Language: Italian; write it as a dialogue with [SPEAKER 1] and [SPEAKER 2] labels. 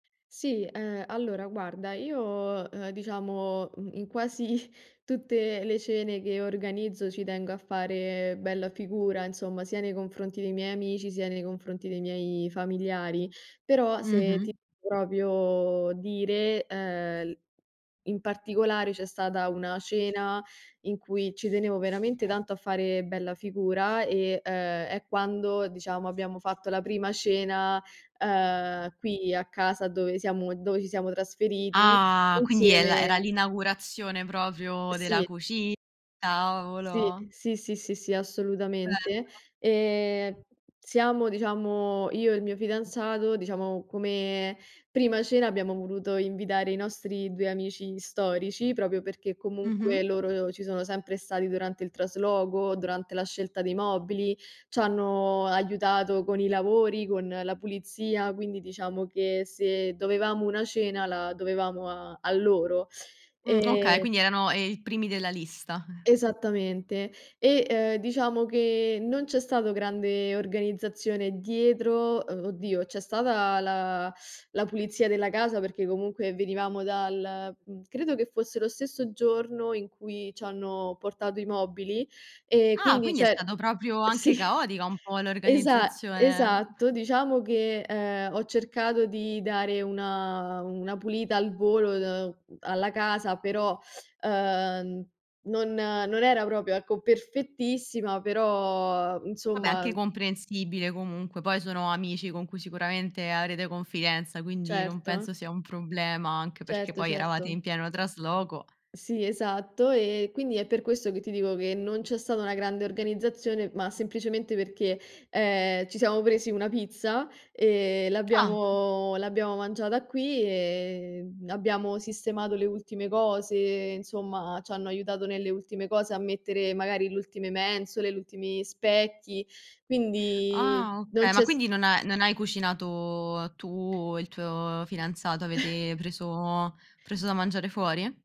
[SPEAKER 1] Sì, ehm, allora guarda, io, uhm, diciamo, uhm, in quasi, tutte le cene che organizzo ci tengo a fare bella figura insomma, sia nei confronti dei miei amici, sia nei confronti dei miei familiari, però, se
[SPEAKER 2] Mh-mh.
[SPEAKER 1] ti proprio dire, ehm, l in particolare c'è stata una cena in cui ci tenevo veramente tanto a fare bella figura e, ehm, è quando, diciamo, abbiamo fatto la prima cena, uhm, qui a casa dove siamo dove ci siamo trasferiti
[SPEAKER 2] Ah, quindi è la era
[SPEAKER 1] insieme
[SPEAKER 2] l'inaugurazione proprio della
[SPEAKER 1] Sì.
[SPEAKER 2] cuci
[SPEAKER 1] Sì,
[SPEAKER 2] tavolo.
[SPEAKER 1] sì, sì, sì, sì,
[SPEAKER 2] Bello.
[SPEAKER 1] assolutamente. Ehm, siamo diciamo, io e il mio fidanzato, diciamo, come prima cena abbiamo voluto invitare i nostri 2 amici storici proprio perché
[SPEAKER 2] Mh-mh.
[SPEAKER 1] comunque loro ci sono sempre stati durante il trasloco, durante la scelta dei mobili, ci hanno aiutato con i lavori, con la pulizia, quindi diciamo che se dovevamo una cena la dovevamo a a loro,
[SPEAKER 2] Mh. Okay,
[SPEAKER 1] ehm
[SPEAKER 2] quindi erano, ehm, i primi della lista.
[SPEAKER 1] Esattamente. E, uhm, diciamo che non c'è stato grande organizzazione dietro uhm, oddio, c'è stata la la pulizia della casa perché comunque venivamo dal uhm, credo che fosse lo stesso giorno in cui ci hanno portato i mobili e
[SPEAKER 2] Ah,
[SPEAKER 1] quindi,
[SPEAKER 2] quindi è
[SPEAKER 1] cioè
[SPEAKER 2] stato proprio, anche
[SPEAKER 1] sì,
[SPEAKER 2] caotica un po'
[SPEAKER 1] esa
[SPEAKER 2] l'organizzazione.
[SPEAKER 1] esatto. Diciamo che, ehm, ho cercato di dare una una pulita al volo, uhm, alla casa, però, uhm, non non era proprio, ecco, perfettissima, però
[SPEAKER 2] Vabbè, anche
[SPEAKER 1] insomma
[SPEAKER 2] comprensibile comunque, poi sono amici con cui sicuramente avrete confidenza, quindi non
[SPEAKER 1] Certo.
[SPEAKER 2] penso sia un problema, anche perché
[SPEAKER 1] Certo,
[SPEAKER 2] poi eravate in
[SPEAKER 1] certo.
[SPEAKER 2] pieno trasloco.
[SPEAKER 1] Sì, esatto. Ehm, quindi è per questo che ti dico che non c'è stata una grande organizzazione, ma semplicemente perché, ehm, ci siamo presi una pizza, ehm,
[SPEAKER 2] Ah.
[SPEAKER 1] l'abbiamo l'abbiamo mangiata qui e, uhm, abbiamo sistemato le ultime cose, insomma, ci hanno aiutato nelle ultime cose a mettere magari l'ultime mensole, l'ultimi specchi, quindi
[SPEAKER 2] Ah.
[SPEAKER 1] non
[SPEAKER 2] Okay, ma
[SPEAKER 1] c'è s
[SPEAKER 2] quindi non ha non hai cucinato tu e il tuo fidanzato? Avete preso preso da mangiare fuori?